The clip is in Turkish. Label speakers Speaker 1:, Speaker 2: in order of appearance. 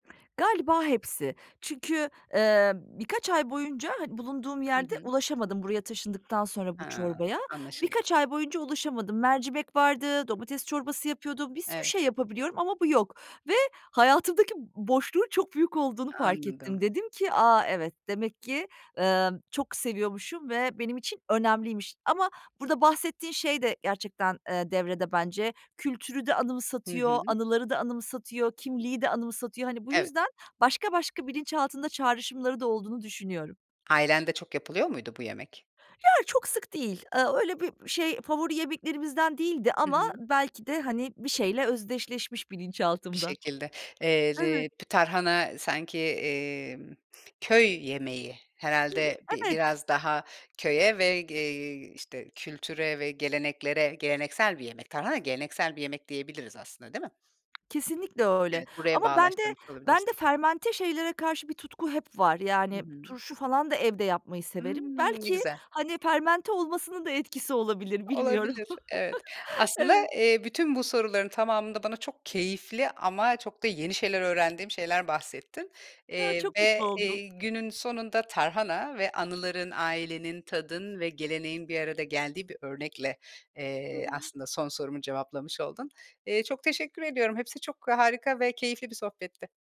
Speaker 1: Galiba hepsi. Çünkü, eee, birkaç ay boyunca hani bulunduğum
Speaker 2: Hı
Speaker 1: yerde
Speaker 2: hı.
Speaker 1: ulaşamadım buraya taşındıktan sonra bu
Speaker 2: Ha,
Speaker 1: çorbaya.
Speaker 2: anlaşıldı.
Speaker 1: Birkaç ay boyunca ulaşamadım. Mercimek vardı, domates çorbası yapıyordum, bir sürü
Speaker 2: Evet.
Speaker 1: şey yapabiliyorum ama bu yok ve hayatımdaki boşluğun çok büyük olduğunu
Speaker 2: A
Speaker 1: fark ettim.
Speaker 2: anladım.
Speaker 1: Dedim ki, “A! Evet, demek ki, emm, çok seviyormuşum ve benim için önemliymiş.” Ama burada bahsettiğin şey de gerçekten, eee, devrede bence. Kültürü de
Speaker 2: Hı
Speaker 1: anımsatıyor,
Speaker 2: hı.
Speaker 1: anıları da anımsatıyor, kimliği de anımsatıyor. Hani, bu
Speaker 2: Evet.
Speaker 1: yüzden başka başka bilinçaltında çağrışımları da olduğunu düşünüyorum.
Speaker 2: Ailende çok yapılıyor muydu bu yemek?
Speaker 1: Ya, çok sık değil. Eee, öyle bir, şey, favori yemeklerimizden değildi
Speaker 2: Hı
Speaker 1: ama
Speaker 2: hı.
Speaker 1: belki de, hani, bir şeyle özdeşleşmiş
Speaker 2: Bir
Speaker 1: bilinçaltımda.
Speaker 2: şekilde. Eee,
Speaker 1: Evet.
Speaker 2: le p tarhana sanki, emm, köy yemeği,
Speaker 1: Hı hı,
Speaker 2: herhâlde, bi
Speaker 1: evet.
Speaker 2: biraz daha köye ve ge eee, işte, kültüre ve geleneklere geleneksel bir yemek. Tarhana geleneksel bir yemek diyebiliriz aslında, değil mi?
Speaker 1: Kesinlikle öyle.
Speaker 2: Evet, buraya
Speaker 1: Ama bende
Speaker 2: bağlaştırmış olabilirsin.
Speaker 1: bende fermente şeylere karşı bir tutku hep var.
Speaker 2: Hı
Speaker 1: Yani,
Speaker 2: hı.
Speaker 1: turşu falan da evde yapmayı severim.
Speaker 2: Imm. Ne
Speaker 1: Belki,
Speaker 2: güzel.
Speaker 1: hani, fermente olmasının da etkisi olabilir, bilmiyorum.
Speaker 2: Olabilir, evet. Aslında,
Speaker 1: Evet.
Speaker 2: eee, bütün bu soruların tamamında bana çok keyifli ama çok da yeni şeyler öğrendiğim şeyler bahsettin,
Speaker 1: Hıı.
Speaker 2: eee,
Speaker 1: Çok mutlu
Speaker 2: ve,
Speaker 1: oldum.
Speaker 2: eee, günün sonunda tarhana ve anıların, ailenin, tadın ve geleneğin bir arada geldiği bir örnekle,
Speaker 1: Hı
Speaker 2: eee,
Speaker 1: hı.
Speaker 2: aslında son sorumu cevaplamış oldun. Eee, çok teşekkür ediyorum. Hepsi çok harika ve keyifli bir sohbetti.